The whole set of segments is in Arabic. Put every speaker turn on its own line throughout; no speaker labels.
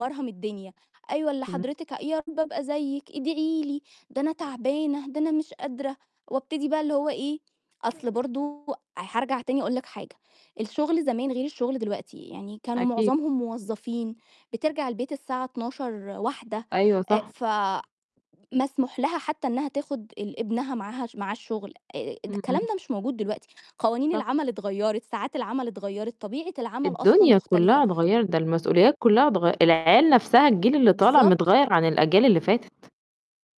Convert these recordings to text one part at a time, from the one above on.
مرهم الدنيا، أيوه اللي
إمم.
حضرتِك يا رَب أبقى زيِك، إدعي لي، ده أنا تَعبانة، ده أنا مش قادرة، وأبتدي بقى اللي هو إيه، أصل برضه هارجع تاني أقول لِك حاجة، الشغل زمان غير الشغل دلوقتي، يعني كانوا
أكيد.
معظمهم موظّفين بترجع البيت الساعة 00:00 01:00
أيوه
آآ
صح.
ف مسموح لها حتّى إنها تاخد ال ابنها معاها معاه الشغل، آآ
إمم،
الكلام
إمم.
ده مش موجود دلوقتي، قوانين
صح.
العمل اتغيّرت، ساعات العمل اتغيّرت، طبيعة العمل أصلًا
الدنيا
مختلفة.
كلّها اتغيّرت ده المسؤوليات كلّها اتغ العيال نَفْسها الجيل اللي طالع
بالضبط.
متغيّر عن الأجيال اللي فاتت.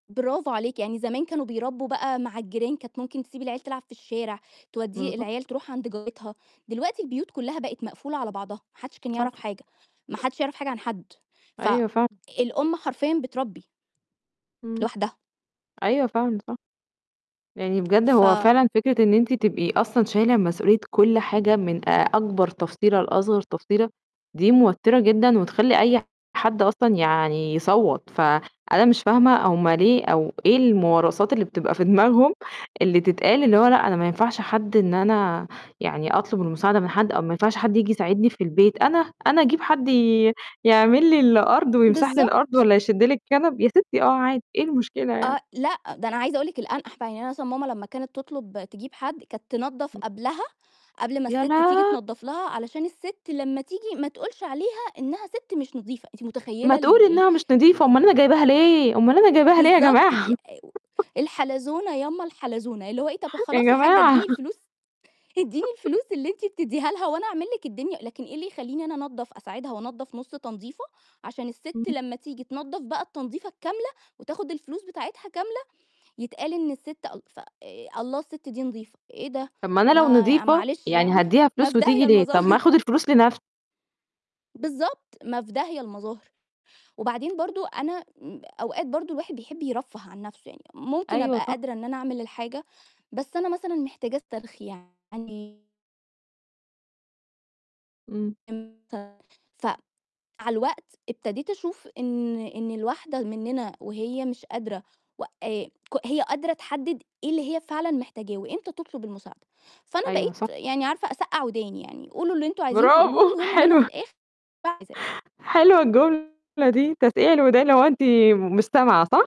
برافو عليكِ، يعني زمان كانوا بيربّوا بقى مع الجيران كانت ممكن تسيب العيال تلعب في الشارع، تودّيه
بالضبط
العيال تروح عند جارتها دلوقتي البيوت كلّها بقِت مقفولة على بعضها، ما حدّش كان يعرف
صح.
حاجة، ما حدش يعرف حاجة عن حد،
أيوه فعل
فالأم حرفيًا بتربّي
إمم،
لوحدها.
أيوه فعلًا صح، يعني بجد هو
ف
فعلًا فكرة إن أنتِ تبقي أصلًا شايلة مسؤولية كلّ حاجة من آآ، أكبر تفصيلة لأصغر تفصيلة دي موترة جدًا، وتخلّي أي حد أصلًا يعني يصوّت، فأنا مش فاهمة هُم ليه أو إيه الموارثات اللي بتبقى في دماغهم اللي تتقال اللي هو لأ أنا ما ينفعش حد إن أنا يعني أطلب المساعدة من حد، أو ما ينفعش حد ييجي يساعدني في البيت أنا، أنا أجيب حد ي يعمل لي الأرض ويمسح لي الأرض
بالضبط.
والّا يشد لِي الكنب، يا سِتّي آه عادي، إيه المشكلة يعني؟
آه، لأ، ده أنا عايزة أقُول لِك الانقح بقى، يعني أنا مثلًا ماما لمّا كانت تطلب تجيب حد، كانت تنضّف
إمم.
قبلها، قبل ما
يا
السِت تيجي
لا
تنضّف لها علشان السِت لمّا تيجي ما تقولش عليها إنها سِت مش نضيفة، أنتِ متخيّلة
ما تقول
ال ال
إنها مش نضيفة أمّال أنا جايباها ليه، أمّال أنا جايباها ليه يا
بالضبط
جماعة
الحلزونة يامّا الحلزونة، اللي هو إيه طَب
يا
خلاص يا حاجّة
جماعة
إدّيني الفلوس، إدّيني الفلوس اللي أنتِ بتدّيها لها وأنا أعمل لِك الدنيا، لكن إيه اللي يخلّيني أنا أنضّف أساعدها وانضف نُص تنضيفة عشان السِت
اهم.
لمّا تيجي تنضّف بقى التنضّيفة الكاملة وتاخد الفلوس بتاعتها كاملة يتقال إن السِت أل ف الله السِت دي نضيفة، إيه ده،
طَب ما أنا لو
ما يع
نضيفه
معلش
يعني
يعني،
هادّيها
ما
فلوس
في
وتيجي
داهية
ليه؟! طَب ما
المظاهر.
آخد الفلوس لنَفْ
بالضبط، ما في داهية المظاهر، وبعدين برضه أنا إمم، أوقات برضه الواحد بيحب يرفّه عن نَفْسه يعني، ممكن
أيوه
أبقى
صح.
قادرة إن أنا أعمل الحاجة، بس أنا مثلًا محتاجة استرخي يعني.
إمم.
إمتي ف مع الوقت ابتديت أشوف إن إن الواحدة مننا وهي مش قادرة و آآ ك هي قادرة تحدد إيه اللي هي فعلًا محتاجاه، وإمتى تطلب المساعدة، فأنا
أيوه
بقيت
صح.
يعني عارفة أسقع وداني يعني، قولوا اللي أنتم عايزين تقولوه
برافو،
المهم إن أنا في
حلوة.
الآخر باعمل اللي عايزاه.
حلوة الجملة دي، تسقيع الودان اللي هو أنتِ م مش سامعة صح؟